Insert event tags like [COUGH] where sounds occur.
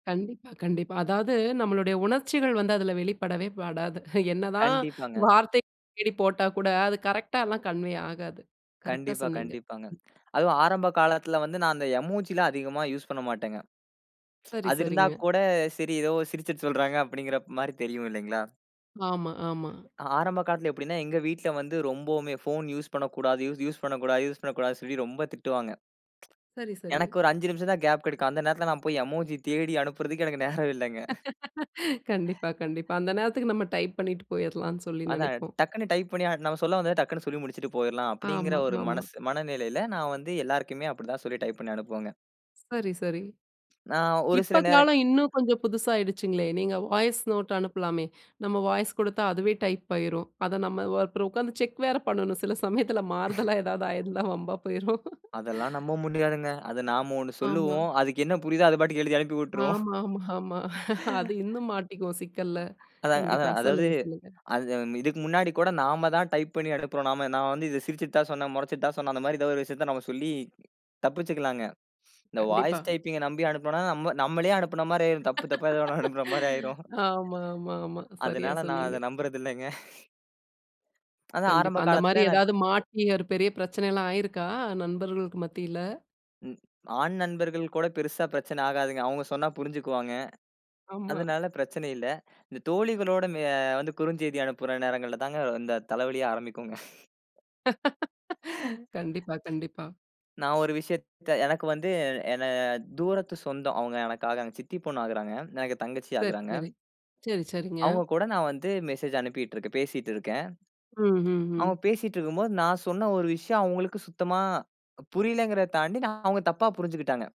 கண்டிப்பாக, கண்டிப்பா. அதாவது, நம்மாளுடைய உணர்ச்சிகள் வந்து அதில வெளிப்படவே படாது. என்ன தான் கண்டிப்பாங்க. வார்த்தை தேடி போட்டா கூட, அது கரெக்ட் ஆ எல்லாம் கன்வே ஆகாது. கரெக்ட்டா கண்டிப்பா, சொன்னீங்க. கண்டிப்பாங்க. அதுவும் ஆரம்ப காலத்தில வந்து, நான் அந்த எமோஜி எல்லாம் அதிகமா யூஸ் பண்ண மாட்டேங்க. [TSK] சரி, அது இருந்த சரிங்க கூட சரி, ஏதோ சிரிச்சுட்டு சொல்றங்க அப்பிடிங்கிறமாரி தெரியும் இல்லேங்களா! ஆமா, ஆமா. ஆரம்ப காலத்துல எப்பிடின்னா, எங்க வீட்ல வந்து ரொம்பவுமே ஃபோன் யூஸ் பண்ணக்கூடாது, யூஸ் பண்ணக்கூடாது, யூஸ் பண்ணக்கூடாது சொல்லி ரொம்ப திட்டுவாங்க சரி, [TSK] சரி. எனக்கு ஒரு 5 நிமிஷம் தான் கேப் கிடைக்கும். அந்த நேரத்தில நான் போய் எமோஜி தேடி அனுப்புறதுக்கு எனக்கு நேரம் இல்லங்க. [LAUGHS] கண்டிப்பா, கண்டிப்பா. அந்த நேரத்துக்கு நம்ம டைப் பண்ணிட்டு போயிர்லான்னு சொல்லி அதான், நினைப்போம். டக்குனடனு டைப் பண்ணி நம்ம சொல்ல வந்தது டக்குன்னு சொல்லி முடிச்சிட்டு போயிர்லாம் அப்பிடிங்கிற ஆமா, ஒரு ஆமா. மனசு, மன மனநிலையில நான் வந்து எல்லாருக்குமே அப்பிடிதான் சொல்லி டைப் பண்ணி அனுப்புவேங்க. சரி, சரி. நான் ஒரு சில இப்ப நேரம். காலம் இன்னும் கொஞ்சம் புதுசா ஆகிடுச்சுங்களே! நீங்க வாய்ஸ் நோட் அனுப்பலாமே! நம்ம வாய்ஸ் கொடுத்தா, அதுவே டைப் ஆயிரும். அத நம்ம அப்புறம் உட்கார்ந்து செக் வேற பண்ணனும். சில சமயத்தில [LAUGHS] மாறுதலா ஏதாவது ஆயிருந்தா வம்பா போயிரும். அதெல்லாம் நம்ப முடியாதுங்க. அத நாம 1 ஆமா. சொல்லுவோம். அதுக்கு என்ன புரியுதோ, அது பாட்டுக்கு எழுதி அனுப்பி விட்டுரும். [LAUGHS] ஆமா, ஆமா, ஆமா [LAUGHS] அது இன்னும் மாட்டிக்குவோம் சிக்கல்ல. அதாங்க, அது கண்டிப்பா. அதாவது, சொல்லுங்க. சொல்லுங்க. அது இதுக்கு முன்னாடி கூட நாம தான் டைப் பண்ணி அனுப்புறோம். நான் வந்து இத சிரிச்சுட்டு தான் சொன்னேன், முறைச்சுட்டு தான் சொன்னேன், அந்தமாரி ஏதாவது ஒரு விஷயத்த நம்ம சொல்லி தப்பிச்சுக்கிலாங்க. இந்த கண்டிப்பா. வாய்ஸ் டைப்பிங் அ நம்பி அனுப்பினனா நம்மளே அனுப்பினமாரி ஆயிரும். தப்பு தப்பா ஏதோ 1 அனுப்புறமாரி ஆயிரும். [LAUGHS] ஆமா, ஆமா, ஆமா. சரியா அதனால, நான் சொன்னீங்க. அத நம்புறது இல்லங்க [CHUCKLES] அதான் கண்டிப்பா. ஆரம்ப அந்தமாரி காலத்தில் நான் இப் எதாவது மாட்டி, ஒரு பெரிய பிரச்சனைலாம் ஆயிருக்கா? நண்பர்களுக்கு மத்தியில? ம். ஆண் நண்பர்கள் கூட பெரிசா பிரச்சன ஆகாதுங்க. அவுங்க சொன்னா புரிஞ்சுக்குவாங்க. ஆமா. அதனால பிரச்சன இல்ல. இந்த தோழிகளோட அ வந்து குறுஞ்செய்தி அனுப்புற நேரங்கள்ல தான் இந்த தலைவலியே ஆரம்பிக்குங்க [CHUCKLES] [LAUGHS] கண்டிப்பா, கண்டிப்பா. [LAUGHS] நான் ஒரு விஷயத்த எனக்கு வந்து என தூரத்து சொந்தம். அவுங்க எனக்காக சித்தி பொண்ணு ஆகுறாங்க. எனக்கு தங்கச்சி சரி, ஆகுறாங்க. சரி, சரி, சரிங்க. அவுங்க கூட நான் வந்து மெசேஜ் அனுப்பிட்டு இருக்கேன். பேசிட்டு இருக்கிறேன். ம், ம், அவுங்க ம். பேசிட்டு இருக்கும்போது, நான் சொன்ன ஒரு விஷயம் அவங்களுக்கு சுத்தமா புரியலேங்கிறத தாண்டி, நான் அவுங்க தப்பா புரிஞ்சுக்கிட்டாங்க.